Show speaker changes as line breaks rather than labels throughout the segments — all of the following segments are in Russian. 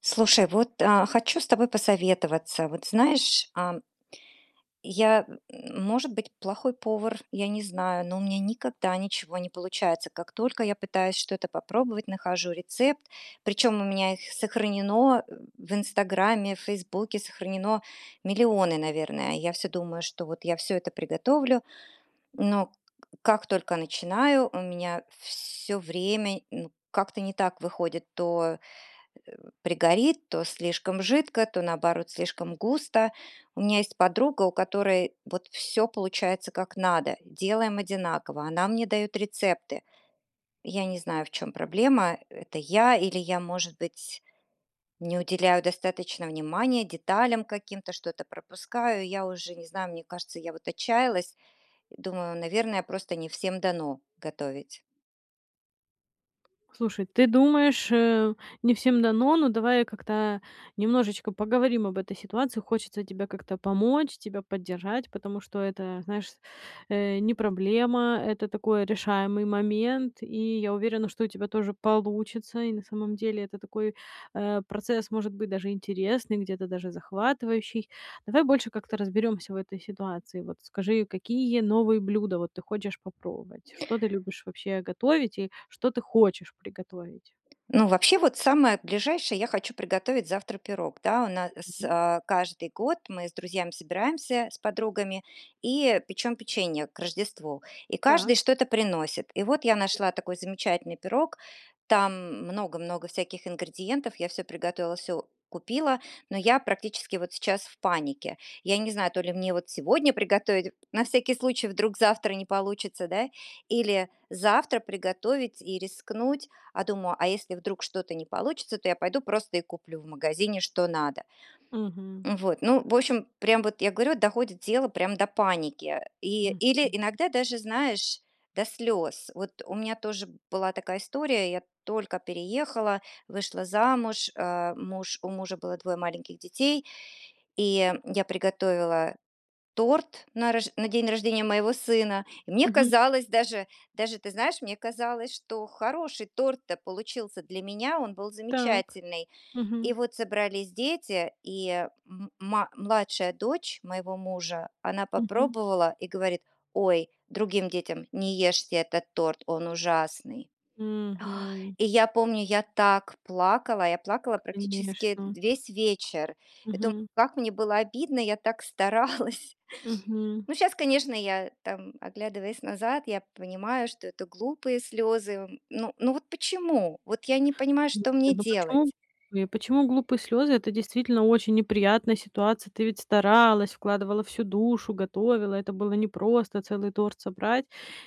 Слушай, вот, а, хочу с тобой посоветоваться. Вот знаешь, а Я, может быть, плохой повар, я не знаю, но у меня никогда ничего не получается. Как только я пытаюсь что-то попробовать, нахожу рецепт, причём у меня их сохранено в "Инстаграме", в "Фейсбуке" сохранено миллионы, наверное. Я всё думаю, что вот я всё это приготовлю, но как только начинаю, у меня всё время, ну, как-то не так выходит то пригорит, то слишком жидко, то наоборот слишком густо. У меня есть подруга, у которой вот всё получается как надо, делаем одинаково, она мне дает рецепты. Я не знаю, в чём проблема, это я или я, может быть, не уделяю достаточно внимания деталям каким-то, что-то пропускаю. Я уже не знаю, мне кажется, я вот отчаялась и думаю, наверное, просто не всем дано готовить.
Слушай, ты думаешь, э, не всем дано, но давай как-то, а, немножечко поговорим об этой ситуации. Хочется тебе как-то помочь, тебя поддержать, потому что это, знаешь, э, не проблема, это такой решаемый момент, и я уверена, что у тебя тоже получится, и на самом деле это такой, э, процесс, может быть, даже интересный, где-то даже захватывающий. Давай больше как-то разберёмся в этой ситуации. Вот скажи, какие новые блюда, вот, ты хочешь попробовать? Что ты любишь вообще готовить и что ты хочешь приготовить?
Ну, вообще, вот самое ближайшее- я хочу приготовить завтра пирог. Да, у нас,
Мгм.
э, каждый год мы с друзьями собираемся, с подругами, и печем печенье к Рождеству, и каждый
Так.
что-то приносит. И вот я нашла такой замечательный пирог, там много много всяких ингредиентов. Я всё приготовила, всё купила, но я практически вот сейчас в панике. Я не знаю, то ли мне сегодня приготовить на всякий случай, вдруг завтра не получится, да, или завтра приготовить и рискнуть. А думаю: "А если вдруг что-то не получится, то я пойду просто и куплю в магазине, что надо".
Мгм.
М, вот, ну, в общем, прям вот я говорю, доходит тело прям до паники. И, или
Мгм.
иногда даже, знаешь, до слёз. Вот у меня тоже была такая история: я только переехала, вышла замуж, а, муж у мужа было 2 маленьких детей, и я приготовила торт на рож на день рождения моего сына. И мне
Мгм.
казалось даже, даже ты знаешь, мне казалось, что хороший торт-то получился для меня, он был
Так.
замечательный. И
Мгм.
вот собрались дети, и м ма младшая дочь моего мужа, она
Мгм.
попробовала и говорит: "Ой"- другим детям, "Не ешьте этот торт, он ужасный".
Мгм.
И я помню, я так плакала, я плакала практически, э,
Конечно.
весь вечер, и думаю,
Мгм.
как мне было обидно, я так старалась.
Мгм.
Ну, щас, конечно, я, там, оглядываясь назад, я понимаю, что это глупые слёзы. Ну ну, вот почему? Вот я не понимаю, что мне
Ну почему
делать.
почему глупые слёзы? Это действительно очень неприятная ситуация. Ты ведь старалась, вкладывала всю душу, готовила. Это было непросто целый торт собрать.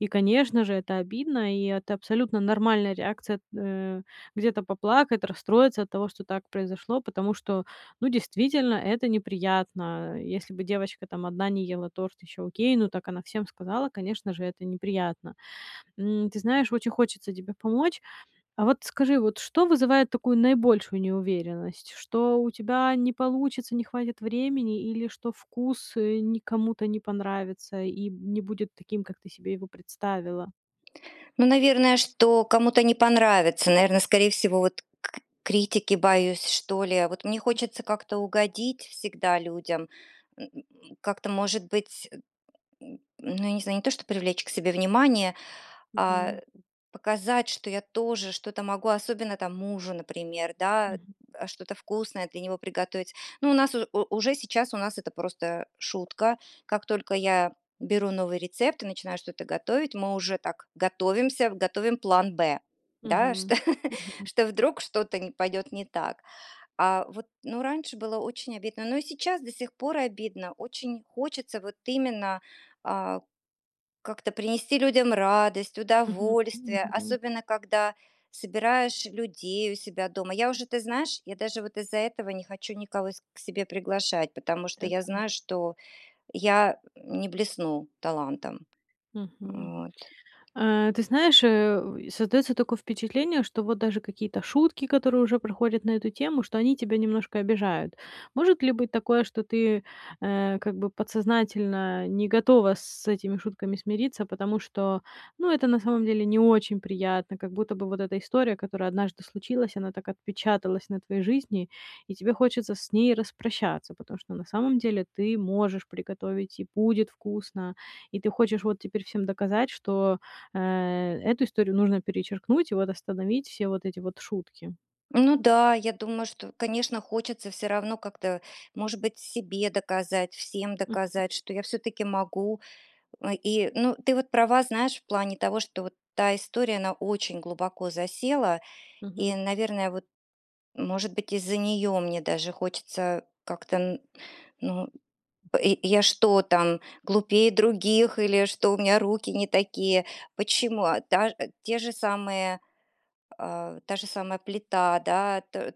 И, конечно же, это обидно, и это абсолютно нормальная реакция эт э, где-то поплакать, расстроиться от того, что так произошло, потому что, ну, действительно это неприятно. Если бы девочка там 1 не ела торт, еще окей, ну так она всем сказала, конечно же, это неприятно. М, ты знаешь, очень хочется тебе помочь. А вот скажи, вот что вызывает такую наибольшую неуверенность? Что у тебя не получится, не хватит времени или что вкус не кому-то не понравится и не будет таким, как ты себе его представила?
Ну, наверное, что кому-то не понравится, наверное, скорее всего вот к критики боюсь, что ли. Вот мне
М.
хочется как-то угодить всегда людям, м, как-то, может быть, э, ну, я не знаю, не то чтобы привлечь к себе внимание, а,
Мгм.
показать, что я тоже что-то могу, особенно там мужу, например, да,
Мгм.
а, что-то вкусное для него приготовить. Но у нас у уже сейчас у нас это просто шутка. Как только я беру новый рецепт и начинаю что-то готовить, мы уже так готовимся, готовим план Б, да,
Мгм.
что
Мгм.
что вдруг что-то не пойдет не так. А вот, ну, раньше было очень обидно, но и сейчас до сих пор обидно. Очень хочется вот именно, а, как-то принести людям радость,
Мгм.
удовольствие,
Мгм.
особенно когда собираешь людей у себя дома. Я уже, ты знаешь, я даже вот из-за этого не хочу никого с к себе приглашать, потому что
Так,
я
да.
знаю, что я не блесну талантом.
Мгм.
Вот.
Э, ты знаешь, э, создаётся такое впечатление, что вот даже какие-то шутки, которые уже проходят на эту тему, что они тебя немножко обижают. Может ли быть такое, что ты, э, э, как бы подсознательно не готова с этими шутками смириться, потому что, ну, это на самом деле не очень приятно. Как будто бы вот эта история, которая однажды случилась, она так отпечаталась на твоей жизни, и тебе хочется с ней распрощаться, потому что на самом деле ты можешь приготовить и будет вкусно, и ты хочешь вот теперь всем доказать, что, э, эту историю нужно перечеркнуть и вот остановить все вот эти вот шутки.
Ну да, я думаю, что, конечно, хочется всё равно как-то, может быть, себе доказать, всем
Мгм.
доказать, что я всё-таки могу. Э, и, ну, ты вот права, знаешь, в плане того, что вот та история, она очень глубоко засела и,
Мгм.
наверное, вот, может быть, из-за нее мне даже хочется как-то н ну, б я что там, глупее других или что у меня руки не такие? Почему? А таж те же самые, а, та же самая плита, да то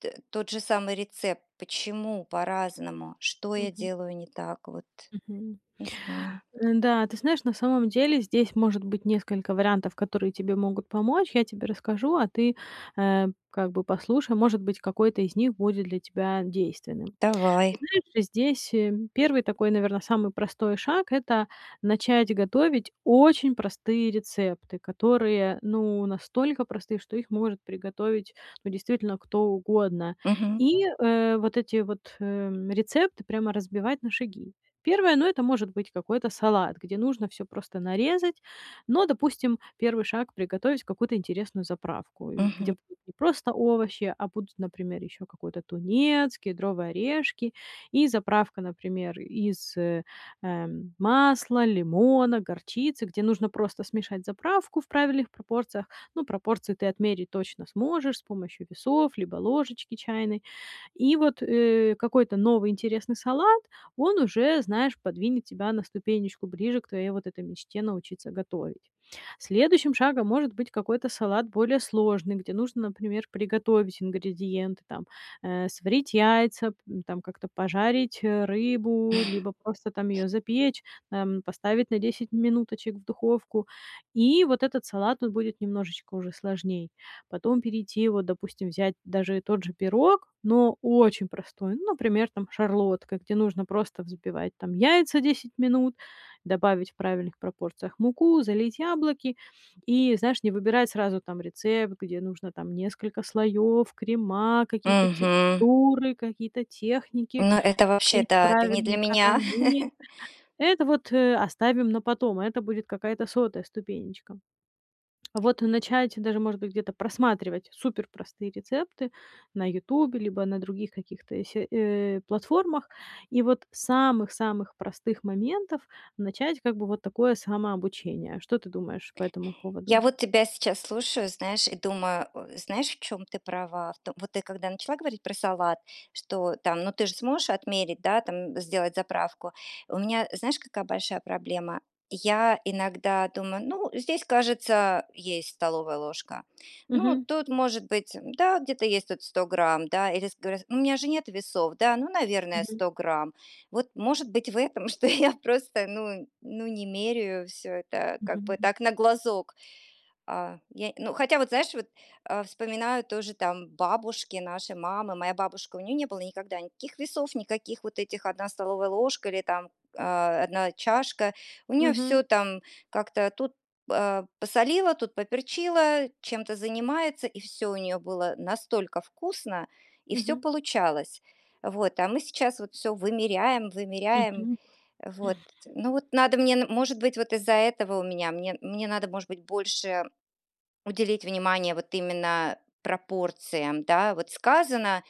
т тот же самый рецепт. Почему по-разному? Что я
Мгм.
делаю не так вот?
Мгм.
Не знаю.
Н-да, ты знаешь, на самом деле здесь может быть несколько вариантов, которые тебе могут помочь. Я тебе расскажу, а ты, э, как бы послушай. Может быть, какой-то из них будет для тебя действенным.
Давай.
Знаешь, здесь, э, 1 такой, наверно, самый простой шаг- это начать готовить очень простые рецепты, которые, ну, настолько простые, что их может приготовить, ну, действительно кто угодно.
Мгм.
И, э, вот эти вот, э, рецепты прямо разбивать на шаги. Первое, ну, это может быть какой-то салат, где нужно всё просто нарезать. Но, допустим, 1 шаг- приготовить какую-то интересную заправку, э, где
Мгм.
не просто овощи, а будут, например, еще какой-то тунец, кедровые орешки и заправка, например, из, э, э, масла, лимона, горчицы, где нужно просто смешать заправку в правильных пропорциях. Ну, пропорции ты отмерить точно сможешь с помощью весов либо ложечки чайной. И вот, э, какой-то новый интересный салат, он уже, знаешь, подвинет тебя на ступенечку ближе к твоей вот этой мечте научиться готовить. Следующим шагом может быть какой-то салат более сложный, где нужно, например, приготовить ингредиенты, там, э, сварить яйца, п там как-то пожарить рыбу, либо просто там её запечь, там, поставить на 10 минуточек в духовку. И вот этот салат тут будет немножечко уже сложней. Потом перейти, вот, допустим, взять даже тот же пирог, но очень простой, ну, например, там, Шарлотка, где нужно просто взбивать там яйца 10 минут, добавить в правильных пропорциях муку, залить яблоки. И, знаешь, не выбирать сразу там рецепт, где нужно там несколько слоёв, крема, какие-то
Мгм.
текстуры, какие-то техники,
Ну, это вообще
слить
да, это не для
правильные
меня.
карамель. Это вот, э, оставим на потом, и это будет какая-то 100 ступенечка. Вот начать даже, может быть, где-то просматривать суперпростые рецепты на "Ютубе", либо на других каких-то се э, платформах. И вот с самых самых простых моментов начать как бы вот такое самообучение. Что ты думаешь по этому поводу?
Я вот тебя сейчас слушаю, знаешь, и думаю, э, знаешь, в чём ты права. В том вот, ты когда начала говорить про салат, что там: "Ну, ты же сможешь отмерить, да, там сделать заправку". У меня, знаешь, какая большая проблема? Я иногда думаю: "Ну, здесь, кажется, а, есть столовая ложка. Ну,
Мгм.
тут, может быть, э, да, где-то есть тут 100 грамм, да, или ск горя у меня же нет весов, да, ну, наверное,
Мгм.
100 грамм". Вот, может быть, в этом, что я просто, ну ну не меряю всё это, как бы
Мгм.
так, на глазок. А, я, ну, хотя вот знаешь, а, вспоминаю тоже там бабушки нашей мамы, моя бабушка, у неё не было никогда никаких весов, никаких вот этих "1 столовая ложка" или там, э, "1 чашка", у неё
Мгм.
всё там как-то тут, э, посолила, тут поперчила, чем-то занимается, и всё у неё было настолько вкусно, и всё
Мгм.
получалось. Вот, а мы сейчас вот всё вымеряем, вымеряем.
Мгм.
Вот, ну вот надо мне, н может быть, вот из-за этого у меня мне мне надо, может быть, больше уделить внимание вот именно пропорциям, да, вот сказано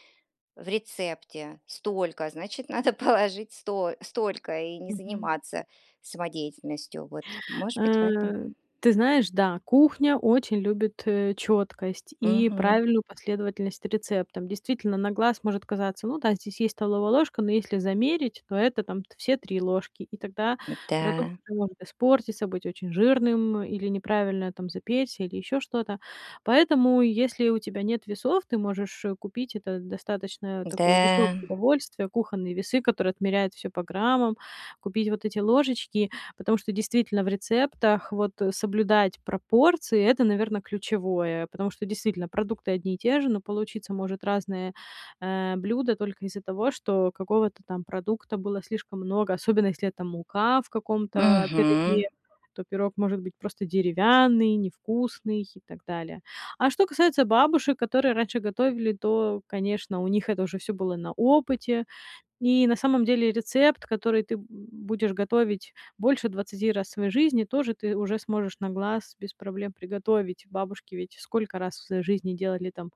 в рецепте столько, значит, надо положить сто столько и не
Мгм.
заниматься самодеятельностью, вот, может быть, в этом.
Э, ты знаешь, да, кухня очень любит, э, чёткость и
Мгм.
правильную последовательность рецептам. Действительно, на глаз может казаться: "Ну да, здесь есть столовая ложка", но если замерить, то это там все 3 ложки, и тогда продукт
М-да.
может испортиться, быть очень жирным или неправильно, там, запечься, или ещё что-то. Поэтому, если у тебя нет весов, ты можешь, э, купить- это достаточно такое дешёвое
Да.
удовольствие- кухонные весы, которые отмеряют всё по граммам, купить вот эти ложечки. Потому что действительно в рецептах вот, э, соблюдать пропорции- это, наверно, ключевое, потому что действительно продукты одни и те же, но получиться может разные, э, блюда только из-за того, что какого-то там продукта было слишком много, особенно если это мука в каком-то, э,
Мгм.
пироге, то пирог может быть просто деревянный, невкусный и так далее. А что касается бабушек, которые раньше готовили, то, конечно, у них это уже всё было на опыте. И на самом деле рецепт, который ты б будешь готовить больше 20 раз в своей жизни, тоже ты уже сможешь на глаз без проблем приготовить. Бабушки ведь сколько раз в своей жизни делали там,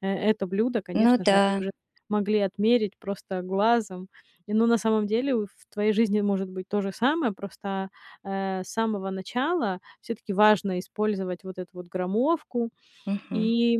э, это блюдо,
Ну
конечно же, они
да.
уже могли отмерить просто глазом. Не, ну, на самом деле в твоей жизни может быть то же самое, просто, а, э, с самого начала всё-таки важно использовать вот эту вот граммовку
Мгм.
и,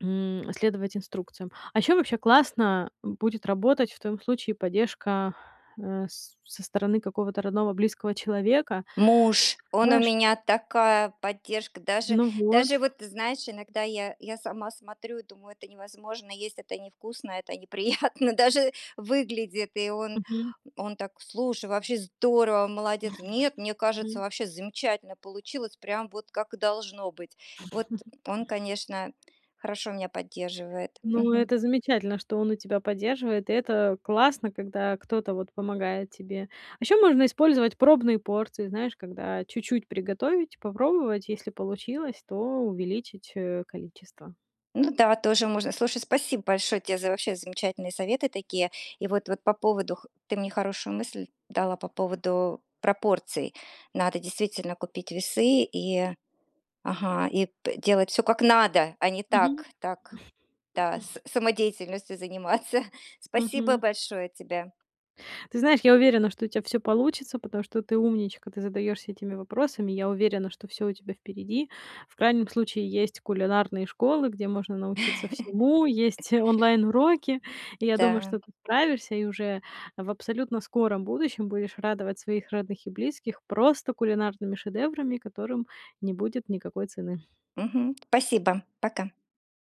м, следовать инструкциям. А еще вообще классно будет работать в твоём случае поддержка, э, с со стороны какого-то родного близкого человека,
Муж, он у
знаешь
меня такая поддержка, даже
Ну,
даже
вот.
вот знаешь, иногда я я сама смотрю и думаю: "Это невозможно есть. Это невкусно, это неприятно даже выглядит". И он
Мгм.
он так: "Слушай, вообще здорово, молодец. Нет, мне кажется,
Мгм.
вообще замечательно получилось, прям вот как и должно быть". Вот он, конечно, хорошо меня поддерживает.
Ну,
Мгм.
это замечательно, что он у тебя поддерживает, и это классно, когда кто-то, вот, помогает тебе. А еще можно использовать пробные порции, знаешь, когда чуть-чуть приготовить, попробовать, если получилось, то увеличить, э, количество.
Ну да, тоже можно. Слушай, спасибо большое тебе за вообще замечательные советы такие. И вот вот по поводу х ты мне хорошую мысль дала по поводу пропорций. Надо действительно купить весы и, ага, и п делать всё как надо, а не
Мгм.
так так, да, са самодеятельностью заниматься. Спасибо
Мгм.
большое тебе.
Ты знаешь, я уверена, что у тебя всё получится, потому что ты умничка. Ты задаешься этими вопросами, я уверена, что всё у тебя впереди, в крайнем случае есть кулинарные школы, где можно научиться всему. Есть онлайн-уроки, и я думаю, что
Да.
ты справишься и уже в абсолютно скором будущем будешь радовать своих родных и близких просто кулинарными шедеврами, которым не будет никакой цены.
Мгм, спасибо, пока.